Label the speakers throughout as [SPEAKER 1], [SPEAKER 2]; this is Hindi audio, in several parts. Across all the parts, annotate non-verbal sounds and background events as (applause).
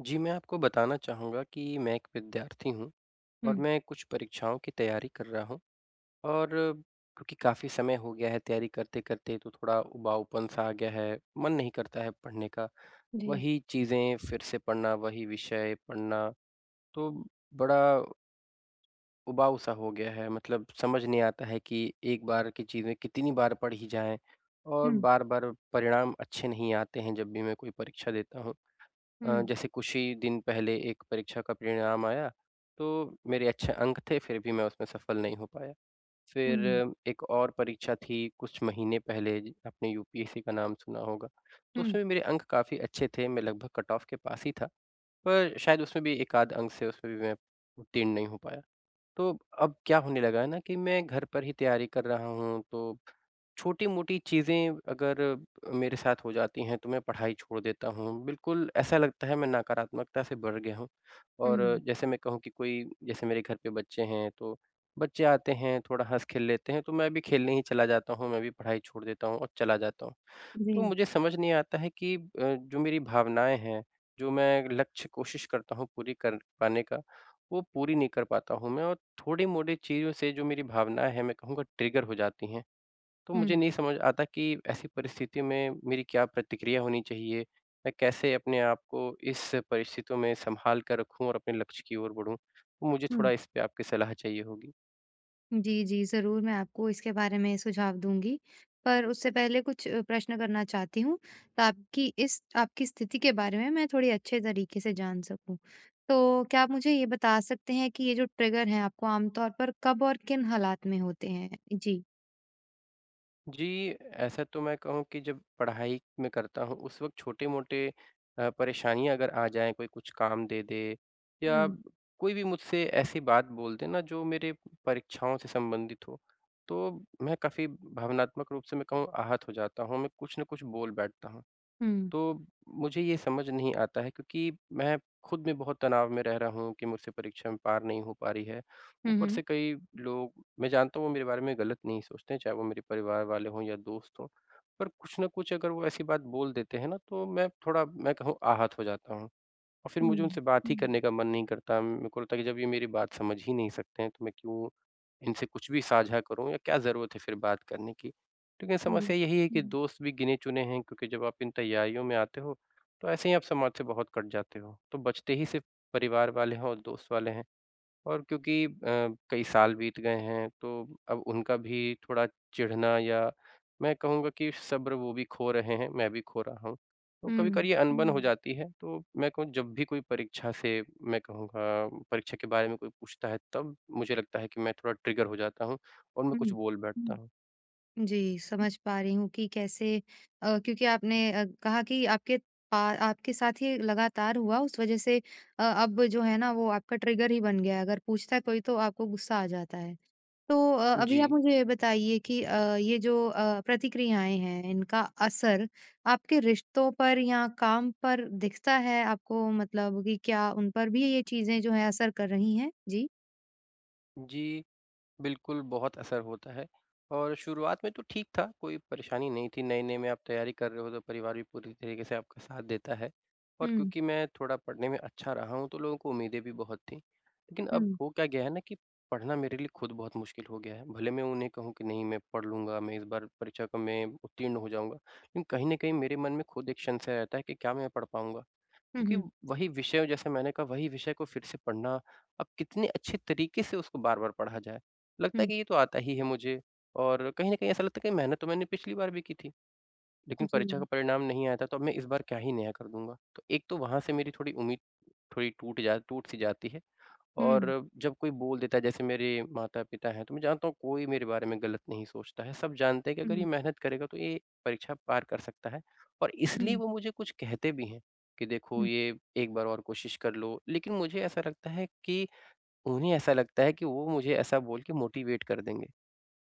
[SPEAKER 1] जी मैं आपको बताना चाहूँगा कि मैं एक विद्यार्थी हूँ और
[SPEAKER 2] हुँ।
[SPEAKER 1] मैं कुछ परीक्षाओं की तैयारी कर रहा हूँ और क्योंकि काफ़ी समय हो गया है तैयारी करते-करते तो थोड़ा उबाऊपन सा आ गया है मन नहीं करता है पढ़ने का।
[SPEAKER 2] जी।
[SPEAKER 1] वही चीज़ें फ़िर से पढ़ना वही विषय पढ़ना तो बड़ा उबाऊ सा हो गया है मतलब समझ नहीं आता है कि एक बार की चीज़ें कितनी बार पढ़ी जाए और
[SPEAKER 2] हुँ।
[SPEAKER 1] बार-बार परिणाम अच्छे नहीं आते हैं जब भी मैं कोई परीक्षा देता हूँ। अ,
[SPEAKER 2] हुँ।
[SPEAKER 1] जैसे कुछ ही दिन पहले 1 परीक्षा का परिणाम आया तो मेरे अच्छे अंक थे फ़िर भी मैं उसमें सफल नहीं हो पाया। फ़िर
[SPEAKER 2] हुँ।
[SPEAKER 1] 1 और परीक्षा थी कुछ महीने पहले ज आपने यूपीएससी का नाम सुना होगा। तो
[SPEAKER 2] हुँ।
[SPEAKER 1] उसमें भी मेरे अंक काफ़ी अच्छे थे। मैं लगभग कट ऑफ के पास ही था पर शायद उसमें भी 1 आध अंक से उसमें भी मैं उत्तीर्ण नहीं हो पाया। तो अब क्या होने लगा है ना कि मैं घर पर ही तैयारी कर रहा हूँ। तो छोटी-मोटी चीज़ें अगर अ, मेरे साथ हो जाती हैं तो मैं पढ़ाई छोड़ देता हूँ। बिल्कुल ऐसा लगता है मैं नकारात्मकता से भर गया हूँ और
[SPEAKER 2] हुँ।
[SPEAKER 1] जैसे मैं कहूँ कि कोई जैसे मेरे घर पे बच्चे हैं तो बच्चे आते हैं थोड़ा हँस खेल लेते हैं तो मैं भी खेलने ही चला जाता हूँ मैं भी पढ़ाई छोड़ देता हूँ और चला जाता हूँ। तो
[SPEAKER 2] जी।
[SPEAKER 1] मुझे समझ नहीं आता है कि अ, जो मेरी भावनाएँ हैं जो मैं लक्ष्य कोशिश करता हूँ पूरी कर पाने का वो पूरी नहीं कर पाता हूँ मैं और थोड़ी मोड़ी चीज़ों से जो मेरी भावनाएँ हैं मैं कहूँगा ट्रिगर हो जाती हैं। तो मुझे
[SPEAKER 2] हुँ।
[SPEAKER 1] नहीं समझ आता कि ऐसी परिस्थिति में मेरी क्या प्रतिक्रिया होनी चाहिए? मैं कैसे अपने आप को इस परिस्थितियों में संभाल कर रखूँ और अपने लक्ष्य की ओर बढ़ूँ। तो मुझे थोड़ा
[SPEAKER 2] हुँ।
[SPEAKER 1] इस पे आपकी सलाह चाहिए होगी।
[SPEAKER 2] जी, जी, ज़रूर, मैं आपको इसके बारे में सुझाव दूँगी। पर उससे पहले कुछ प्रश्न करना चाहती हूँ, ताकि इस आपकी स्थिति के बारे में मैं थोड़े अच्छे तरीके से जान सकूँ। तो क्या आप मुझे ये बता सकते हैं कि ये जो ट्रिगर हैं, आपको आमतौर पर कब और किन हालात में होते हैं? जी।
[SPEAKER 1] जी, ऐसा तो मैं कहूँ कि जब पढ़ाई मैं करता हूँ, उस वक़्त छोटे-मोटे अ, परेशानियाँ अगर आ जाएँ, कोई कुछ काम दे दे या
[SPEAKER 2] हुँ।
[SPEAKER 1] कोई भी मुझसे ऐसी बात बोल दे ना, जो मेरे परीक्षाओं से संबंधित हो, तो मैं काफ़ी भावनात्मक रूप से, मैं कहूँ, आहत हो जाता हूँ, ह मैं कुछ ना कुछ बोल बैठता हूँ।
[SPEAKER 2] हुँ।
[SPEAKER 1] तो, मुझे ये समझ नहीं आता है क्योंकि मैं खुद भी बहुत तनाव में रह रहा हूँ, कि मुझसे परीक्षा में पार नहीं हो पा रही है।
[SPEAKER 2] हुँ,
[SPEAKER 1] ऊपर
[SPEAKER 2] हुँ।
[SPEAKER 1] से कई लोग मैं जानता हूँ, वो मेरे बारे में गलत नहीं सोचते हैं, चाहे वो मेरे परिवार वाले हों या दोस्त हों, पर कुछ ना कुछ अगर वो ऐसी बात बोल देते हैं ना, तो मैं थोड़ा, मैं कहूँ, आहत हो जाता हूँ। और फिर मुझे
[SPEAKER 2] हुँ।
[SPEAKER 1] उनसे बात ही करने का मन नहीं करता, मेरे को लगता है कि, जब ये मेरी बात समझ ही नहीं सकते हैं, तो मैं क्यों इनसे कुछ भी साझा करूँ या क्या ज़रूरत है फिर बात करने की? लेकिन
[SPEAKER 2] हुँ।
[SPEAKER 1] समस्या यही है कि दोस्त भी गिने चुने हैं क्योंकि जब आप इन तैयारियों में आते हो, तो ऐसे ही आप समाज से बहुत कट जाते हो, तो बचते ही सिर्फ परिवार वाले हैं और दोस्त वाले हैं। और क्योंकि अ, कई साल बीत गए हैं, तो अब उनका भी थोड़ा चिढ़ना या मैं कहूँगा कि सब्र वो भी खो रहे हैं, मैं भी खो रहा हूँ, तो कभी-कभार
[SPEAKER 2] हुँ।
[SPEAKER 1] ये अनबन हो जाती है, तो मैं कहूँ, जब भी कोई परीक्षा से, मैं कहूँगा, परीक्षा के बारे में कोई पूछता है, तब मुझे लगता है कि मैं थोड़ा ट्रिगर हो जाता हूँ और मैं कुछ
[SPEAKER 2] हुँ।
[SPEAKER 1] बोल बैठता हूँ।
[SPEAKER 2] जी, समझ पा रही हूँ कि कैसे अ, क्योंकि आपने अ, कहा कि आपके पा आपके साथ ये लगातार हुआ उस वजह से अ, अब जो है ना वो आपका ट्रिगर ही बन गया है। अगर पूछता है कोई तो आपको गुस्सा आ जाता है, तो अ, अभी आप
[SPEAKER 1] जी।
[SPEAKER 2] मुझे ये बताइए कि अ, ये जो अ, प्रतिक्रियाएँ हैं इनका असर आपके रिश्तों पर या काम पर दिखता है आपको? मतलब कि क्या उन पर भी ये चीज़ें जो हैं असर कर रही हैं? जी।
[SPEAKER 1] जी, बिल्कुल बहुत असर होता है। और शुरुआत में तो ठीक था कोई परेशानी नहीं थी, नए-नए में आप तैयारी कर रहे हो तो परिवार भी पूरी तरीके से आपका साथ देता है और
[SPEAKER 2] हुँ।
[SPEAKER 1] क्योंकि मैं थोड़ा पढ़ने में अच्छा रहा हूँ तो लोगों को उम्मीदें भी बहुत थी, लेकिन अब
[SPEAKER 2] हुँ।
[SPEAKER 1] हो क्या गया है ना कि पढ़ना मेरे लिए खुद बहुत मुश्किल हो गया है, भले मैं उन्हें कहूँ कि, "नहीं मैं पढ़ लूँगा, मैं इस बार परीक्षा को मैं उत्तीर्ण हो जाऊँगा" लेकिन कहीं न कहीं मेरे मन में खुद एक संशय रहता है कि क्या मैं पढ़ पाऊँगा?
[SPEAKER 2] हुँ,
[SPEAKER 1] क्योंकि
[SPEAKER 2] हुँ।
[SPEAKER 1] वही विषयों जैसे मैंने कहा वही विषय को फिर से पढ़ना अब कितने अच्छे तरीके से उसको बार-बार पढ़ा जाए? लगता है
[SPEAKER 2] हुँ।
[SPEAKER 1] कि ये तो आता ही है मुझे और कहीं न कहीं ऐसा लगता है कि कहीं मेहनत तो मैंने पिछली बार भी की थी लेकिन परीक्षा का
[SPEAKER 2] जी।
[SPEAKER 1] परिणाम नहीं आया था। तो अब मैं इस बार क्या ही नया कर दूँगा? तो एक तो वहाँ से मेरी थोड़ी उम्मीद थोड़ी टूट जा टूट सी जाती है।
[SPEAKER 2] हुँ।
[SPEAKER 1] और जब कोई बोल देता है जैसे मेरे माता-पिता हैं तो मैं जानता हूँ कोई मेरे बारे में गलत नहीं सोचता है, सब जानते हैं कि अगर
[SPEAKER 2] हुँ।
[SPEAKER 1] ये मेहनत करेगा तो ये परीक्षा पार कर सकता है और इसलिए
[SPEAKER 2] हुँ।
[SPEAKER 1] वो मुझे कुछ कहते भी हैं कि, "देखो
[SPEAKER 2] हुँ।
[SPEAKER 1] ये एक बार और कोशिश कर लो," लेकिन मुझे ऐसा लगता है कि उन्हें ऐसा लगता है कि वो मुझे ऐसा बोल के मोटिवेट कर देंगे।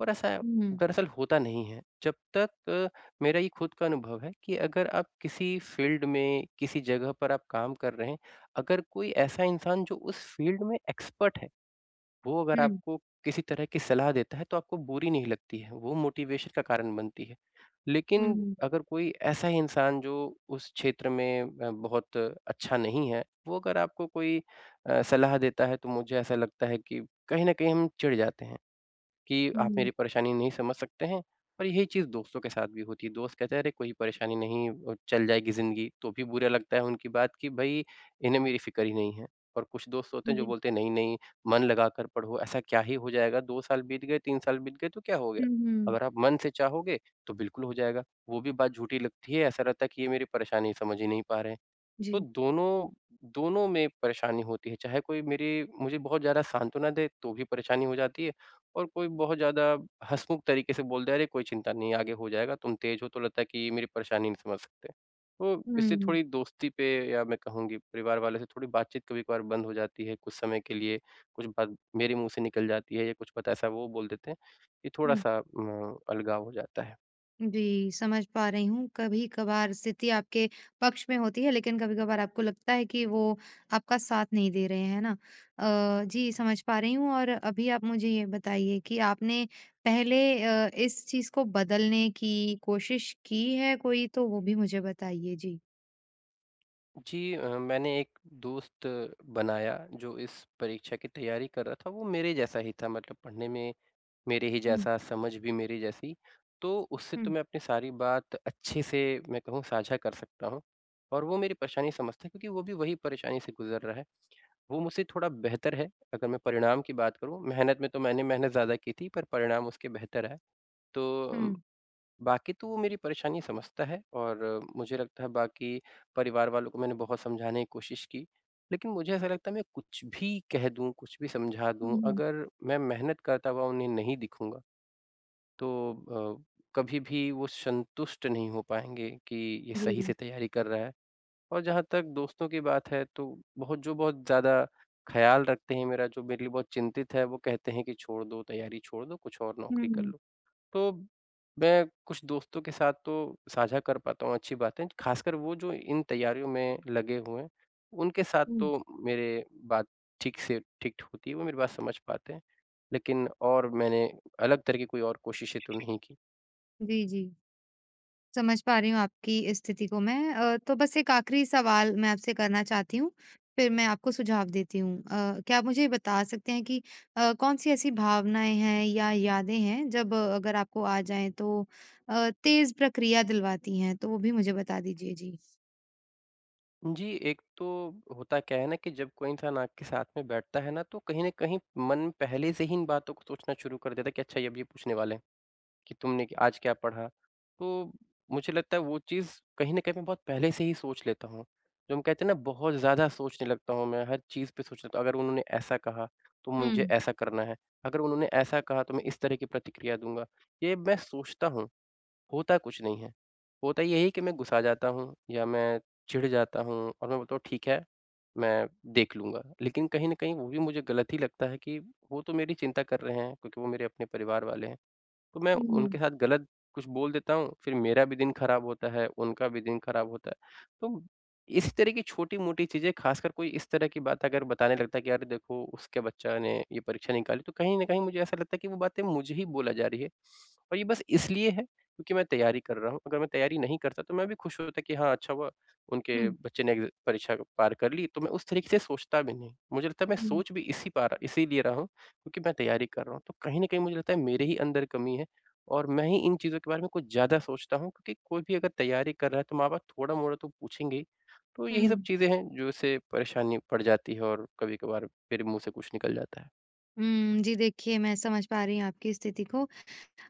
[SPEAKER 1] और ऐसा
[SPEAKER 2] हुँ।
[SPEAKER 1] दरअसल होता नहीं है जबतक अ, मेरा ये खुद का अनुभव है कि अगर आप किसी फ़ील्ड में किसी जगह पर आप काम कर रहे हैं, अगर कोई ऐसा इंसान जो उस फ़ील्ड में एक्सपर्ट है, वो अगर
[SPEAKER 2] हुँ।
[SPEAKER 1] आपको किसी तरह की सलाह देता है तो आपको बुरी नहीं लगती है, वो मोटिवेशन का कारण बनती है। लेकिन
[SPEAKER 2] हुँ।
[SPEAKER 1] अगर कोई ऐसा इंसान जो उस क्षेत्र में अ, बहुत अच्छा नहीं है वो अगर आपको कोई अ, सलाह देता है तो मुझे ऐसा लगता है कि कहीं न कहीं हम चिढ़ जाते हैं, कि आप
[SPEAKER 2] हुँ।
[SPEAKER 1] मेरी परेशानी नहीं समझ सकते हैं और यही चीज़ दोस्तों के साथ भी होती है। दोस्त कहते हैं, "अरे, कोई परेशानी नहीं अ, चल जाएगी ज़िंदगी," तो भी बुरा लगता है उनकी बात कि भई इन्हें मेरी फ़िक्र ही नहीं है और कुछ दोस्त होते हैं जो
[SPEAKER 2] जी।
[SPEAKER 1] बोलते हैं नहीं-नहीं मन लगाकर पढ़ो, ऐसा क्या ही हो जाएगा? 2 साल बीत गए 3 साल बीत गए तो क्या हो गया?
[SPEAKER 2] हुँ, हुँ।
[SPEAKER 1] अगर आप मन से चाहोगे तो बिल्कुल हो जाएगा। वो भी बात झूठी लगती है, ऐसा लगता है कि ये मेरी परेशानी समझ ही नहीं पा रहे हैं, तो
[SPEAKER 2] जी।
[SPEAKER 1] दोनों, दोनों में परेशानी होती है। चाहे कोई मेरी मुझे बहुत ज़्यादा सांत्वना दे तो भी परेशानी हो जाती है और कोई बहुत ज़्यादा हँसमुँख तरीके से बोल दे, "अरे! कोई चिंता नहीं, आगे हो जाएगा तुम तेज़ हो" तो लगता है कि ये मेरी परेशानी नहीं समझ सकते। तो इससे
[SPEAKER 2] हुँ।
[SPEAKER 1] थोड़ी दोस्ती पे या मैं कहूँ कि परिवार वालों से थोड़ी बातचीत कभी-कभार बंद हो जाती है कुछ समय के लिए, कुछ बात मेरे मुँह से निकल जाती है या कुछ पता ऐसा वो बोल देते हैं। ये थोड़ा
[SPEAKER 2] हुँ।
[SPEAKER 1] सा म अलगाव हो जाता है।
[SPEAKER 2] जी, समझ पा रही हूँ, कभी-कभार स्थिति आपके पक्ष में होती है लेकिन कभी-कभार आपको लगता है कि वो आपका साथ नहीं दे रहे, हैं ना? अ, जी, समझ पा रही हूँ और अभी आप मुझे ये बताइए कि आपने पहले अ, इस चीज़ को बदलने की कोशिश की है कोई? तो वो भी मुझे बताइए, जी।
[SPEAKER 1] जी, अ, मैंने एक दोस्त बनाया जो इस परीक्षा की तैयारी कर रहा था, वो मेरे जैसा ही था मतलब पढ़ने में मेरे ही
[SPEAKER 2] हुँ।
[SPEAKER 1] जैसा, समझ भी मेरे जैसी। तो उससे तो
[SPEAKER 2] हुँ।
[SPEAKER 1] मैं अपनी सारी बात अच्छे से मैं कहूँ साझा कर सकता हूँ, और वो मेरी परेशानी समझता है क्योंकि वो भी वही परेशानी से गुज़र रहा है। वो मुझसे थोड़ा बेहतर है अगर मैं परिणाम की बात करूँ, मेहनत में तो मैंने मेहनत ज़्यादा की थी पर परिणाम उसके बेहतर आए। तो अ,
[SPEAKER 2] हुँ।
[SPEAKER 1] बाक़ी तो वो मेरी परेशानी समझता है और मुझे लगता है बाक़ी परिवार वालों को मैंने बहुत समझाने की कोशिश की, लेकिन मुझे ऐसा लगता है मैं कुछ भी कह दूँ कुछ भी समझा
[SPEAKER 2] हुँ,
[SPEAKER 1] दूँ
[SPEAKER 2] हुँ, हुँ।
[SPEAKER 1] अगर मैं मेहनत करता हुआ उन्हें नहीं दिखूँगा, तो अ, कभी भी वो संतुष्ट नहीं हो पाएँगे कि ये सही से
[SPEAKER 2] जी।
[SPEAKER 1] तैयारी कर रहा है। और जहाँ तक दोस्तों की बात है तो बहुत जो बहुत ज़्यादा ख़्याल रखते हैं मेरा, जो मेरे लिए बहुत चिंतित है वो कहते हैं कि छोड़ दो, तैयारी छोड़ दो कुछ और
[SPEAKER 2] हुँ,
[SPEAKER 1] नौकरी कर
[SPEAKER 2] हुँ।
[SPEAKER 1] लो। तो मैं कुछ दोस्तों के साथ तो साझा कर पाता हूँ अच्छी बातें, ख़ासकर वो जो इन तैयारियों में लगे हुए हैं, उनके साथ
[SPEAKER 2] हुँ।
[SPEAKER 1] तो मेरे बात ठीक से ठीक होती है वो मेरी बात समझ पाते हैं, लेकिन और मैंने अलग तरह की कोई और कोशिशें तो नहीं की।
[SPEAKER 2] जी, जी। समझ पा रही हूँ आपकी इस स्थिति को मैं अ, तो बस एक आख़िरी सवाल मैं आपसे करना चाहती हूँ, फिर मैं आपको सुझाव देती हूँ। अ, क्या आप मुझे ये बता सकते हैं कि अ, कौन-सी ऐसी भावनाएँ हैं या यादें हैं जब अगर आपको आ जाएँ तो अ, तेज़ प्रक्रिया दिलवाती हैं? तो वो भी मुझे बता दीजिए, जी।
[SPEAKER 1] जी। एक तो होता क्या है ना कि जब कोई इंसान आपके साथ में बैठता है ना तो कहीं न कहीं मन पहले से ही इन बातों को सोचना शुरू कर देता है कि अच्छा ये अब ये पूछने वाले हैं कि तुमने क आज क्या पढ़ा। तो मुझे लगता है वो चीज़ कहीं न कहीं मैं बहुत पहले से ही सोच लेता हूँ। जो हम कहते हैं ना बहुत ज़्यादा सोचने लगता हूँ मैं, हर चीज़ पे सोच लेता हूँ। अगर उन्होंने ऐसा कहा, तो मुझे
[SPEAKER 2] हुँ।
[SPEAKER 1] ऐसा करना है। अगर उन्होंने ऐसा कहा तो मैं इस तरह की प्रतिक्रिया दूँगा। ये मैं सोचता हूँ, होता कुछ नहीं है। होता यही है कि मैं गुस्सा जाता हूँ या मैं चिढ़ जाता हूँ और मैं बोलता हूँ ठीक है मैं देख लूँगा। लेकिन कहीं न कहीं वो भी मुझे गलत ही लगता है कि वो तो मेरी चिंता कर रहे हैं क्योंकि वो मेरे अपने परिवार वाले हैं। तो मैं
[SPEAKER 2] हुँ, हुँ।
[SPEAKER 1] उनके साथ गलत कुछ बोल देता हूँ फ़िर मेरा भी दिन ख़राब होता है उनका भी दिन ख़राब होता है। तो इस तरह की छोटी-मोटी चीज़ें ख़ासकर कोई इस तरह की बात अगर बताने लगता है कि, "यार देखो उसके बच्चा ने ये परीक्षा निकाली।" तो कहीं न कहीं मुझे ऐसा लगता है कि वो बातें मुझे ही बोली जा रही है। (sniffs) और ये बस इसलिए है क्योंकि मैं तैयारी कर रहा हूँ। अगर मैं तैयारी नहीं करता तो मैं भी खुश होता कि हाँ, अच्छा हुआ। उनके
[SPEAKER 2] हुँ।
[SPEAKER 1] बच्चे ने अ, परीक्षा पार कर ली तो मैं उस तरीके से सोचता भी नहीं। मुझे लगता है मैं
[SPEAKER 2] हुँ।
[SPEAKER 1] सोच भी इसी पा रहा इसीलिए रहा हूँ क्योंकि मैं तैयारी कर रहा हूँ। तो कहीं न कहीं मुझे लगता है मेरे ही अंदर कमी है और मैं ही इन चीज़ों के बारे में कुछ ज़्यादा सोचता हूँ क्योंकि कोई भी अगर तैयारी कर रहा है तो माँ-बाप थोड़ा-मोड़ा तो पूछेंगे ही। तो यही सब
[SPEAKER 2] हुँ।
[SPEAKER 1] चीज़ें हैं जो उसे परेशानी पड़ जाती है और कभी-कभार मेरे मुँह से कुछ निकल जाता है।
[SPEAKER 2] हुँ, जी, देखिए मैं समझ पा रही हूँ आपकी स्थिति को।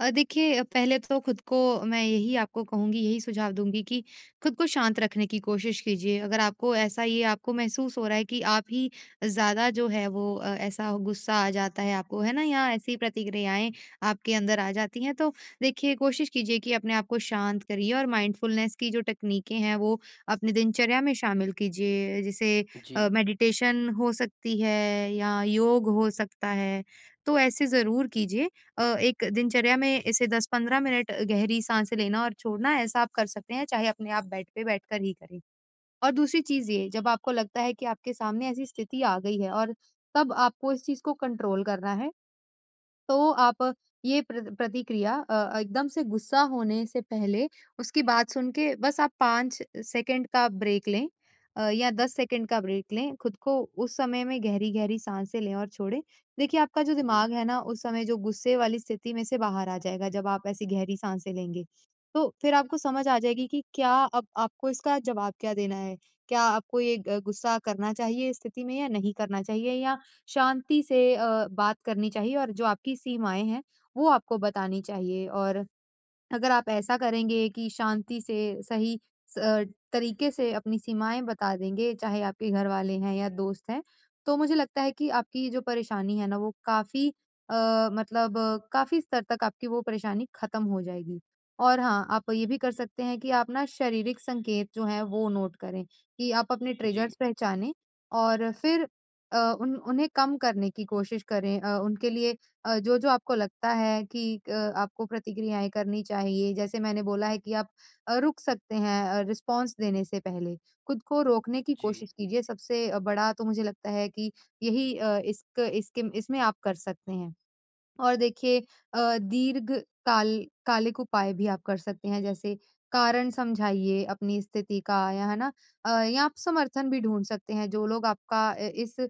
[SPEAKER 2] अ, देखिए पहले तो खुद को, मैं यही आपको कहूँगी, यही सुझाव दूँगी कि खुद को शांत रखने की कोशिश कीजिए। अगर आपको ऐसा ये आपको महसूस हो रहा है कि आप ही ज़्यादा जो हैं वो अ, ऐसा गुस्सा आ जाता है आपको, है ना, या ऐसी प्रतिक्रियाएँ आपके अंदर आ जाती हैं, तो देखिए कोशिश कीजिए कि अपने आप को शांत करिए। और माइंडफुलनेस की जो तकनीकें हैं, वो अपने दिनचर्या में शामिल कीजिए जैसे
[SPEAKER 1] जी।
[SPEAKER 2] अ, मेडिटेशन हो सकती है या योग हो सकता है, तो ऐसे ज़रूर कीजिए। अ, एक दिनचर्या में ऐसे 10-15 मिनट अ, गहरी साँस लेना और छोड़ना, ऐसा आप कर सकते हैं, चाहे अपने आप बेड पे बैठ कर ही करें। और दूसरी चीज़ ये, जब आपको लगता है कि आपके सामने ऐसी स्थिति आ गई है और तब आपको इस चीज़ को कंट्रोल करना है, तो आप ये प्र प्रतिक्रिया अ, एकदम से गुस्सा होने से पहले, उसकी बात सुन के बस आप 5 सेकंड का ब्रेक लें अ, या 10 सेकंड का ब्रेक लें। खुद को उस समय में गहरी-गहरी साँसे लें और छोड़ें। देखिए, आपका जो
[SPEAKER 1] जी।
[SPEAKER 2] दिमाग है ना उस समय जो गुस्से वाली स्थिति में से बाहर आ जाएगा, जब आप ऐसी गहरी साँसे लेंगे। तो फिर आपको समझ आ जाएगी कि क्या अब आपको इसका जवाब क्या देना है। क्या आपको ये ग गुस्सा करना चाहिए इस स्थिति में या नहीं करना चाहिए, या शांति से अ, बात करनी चाहिए और जो आपकी सीमाएँ हैं, वो आपको बतानी चाहिए। और अगर आप ऐसा करेंगे कि शांति से सही स अ, तरीके से अपनी सीमाएँ बता देंगे, चाहे आपके घर वाले हैं या दोस्त हैं, तो मुझे लगता है कि आपकी ये जो परेशानी है ना, वो काफ़ी अ, मतलब काफ़ी स्तर तक आपकी वो परेशानी खत्म हो जाएगी। और हाँ, आप ये भी कर सकते हैं कि आप ना शारीरिक संकेत जो हैं, वो नोट करें कि आप अपने
[SPEAKER 1] जी।
[SPEAKER 2] ट्रिगर्स पहचाने और फिर अ, उन उन्हें कम करने की कोशिश करें। अ, उनके लिए अ, जो-जो आपको लगता है कि क आपको प्रतिक्रियाएँ करनी चाहिए, जैसे मैंने बोला है कि आप अ, रुक सकते हैं अ, रिस्पॉन्स देने से पहले। खुद को रोकने की
[SPEAKER 1] जी।
[SPEAKER 2] कोशिश कीजिए। सबसे अ, बड़ा तो मुझे लगता है कि यही अ, इसक इसके इसमें आप कर सकते हैं। और देखिए अ, दीर्घ काल कालिक उपाय भी आप कर सकते हैं, जैसे कारण समझाइए अपनी स्थिति का या, है ना। अ, या आप समर्थन भी ढूँढ सकते हैं, जो लोग आपका अ, इस अ,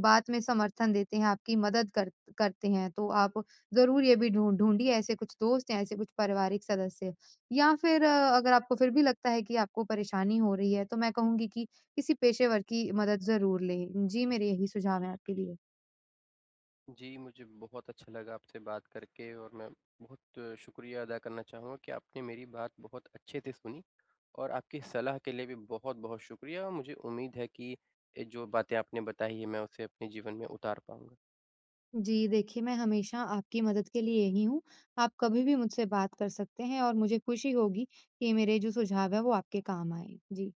[SPEAKER 2] बात में समर्थन देते हैं, आपकी मदद कर करते हैं, तो आप ज़रूर ये भी ढूँढ ढूँढिए ऐसे कुछ दोस्त या ऐसे कुछ पारिवारिक सदस्य। या फिर अ, अगर आपको फिर भी लगता है कि आपको परेशानी हो रही है, तो मैं कहूँगी कि किसी पेशेवर की मदद ज़रूर लें। जी, मेरे यही सुझाव हैं आपके लिए।
[SPEAKER 1] जी, मुझे बहुत अच्छा लगा आपसे बात करके, और मैं बहुत शुक्रिया अदा करना चाहूँगा कि आपने मेरी बात बहुत अच्छे से सुनी, और आपकी सलाह के लिए भी बहुत-बहुत शुक्रिया। और मुझे उम्मीद है कि ये जो बातें आपने बताई हैं, मैं उसे अपने जीवन में उतार पाऊँगा।
[SPEAKER 2] जी, देखिए मैं हमेशा आपकी मदद के लिए यही हूँ। आप कभी भी मुझसे बात कर सकते हैं, और मुझे खुशी होगी कि मेरे जो सुझाव हैं, वो आपके काम आएँ। जी।